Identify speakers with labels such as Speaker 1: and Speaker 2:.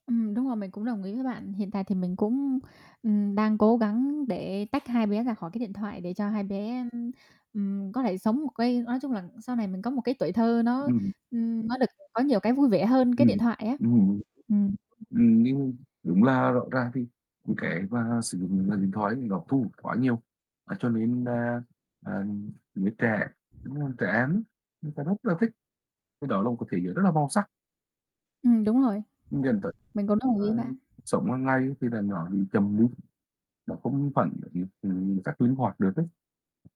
Speaker 1: Ừm, đúng rồi, mình cũng đồng ý với bạn. Hiện tại thì mình cũng, ừm, đang cố gắng để tách hai bé ra khỏi cái điện thoại, để cho hai bé, ưm, ừm, có thể sống một cái nói chung là sau này mình có một cái tuổi thơ nó,
Speaker 2: Ừm.
Speaker 1: ừm, nó được có nhiều cái vui vẻ hơn cái điện
Speaker 2: Ừm,
Speaker 1: thoại á.
Speaker 2: ừm hưm.
Speaker 1: Ừm.
Speaker 2: Ừm, nhưng đúng là rõ ràng thì những cái mà sử dụng màn hình điện thoại ấy thì nó thủ quá nhiều. Á, cho nên nà, ờ, giới trẻ, đúng hông? Trẻ em ấy, người ta rất là thích, cái đó là một cái trải nghiệm rất là màu sắc
Speaker 1: Ừm, đúng rồi.
Speaker 2: dẫn tới
Speaker 1: Mình cũng đồng ý
Speaker 2: là
Speaker 1: bạn?
Speaker 2: cuộc sống hàng ngày thì là nó bị chậm đi, nó không phải là [unintelligible] ừm, rất linh hoạt được ấy.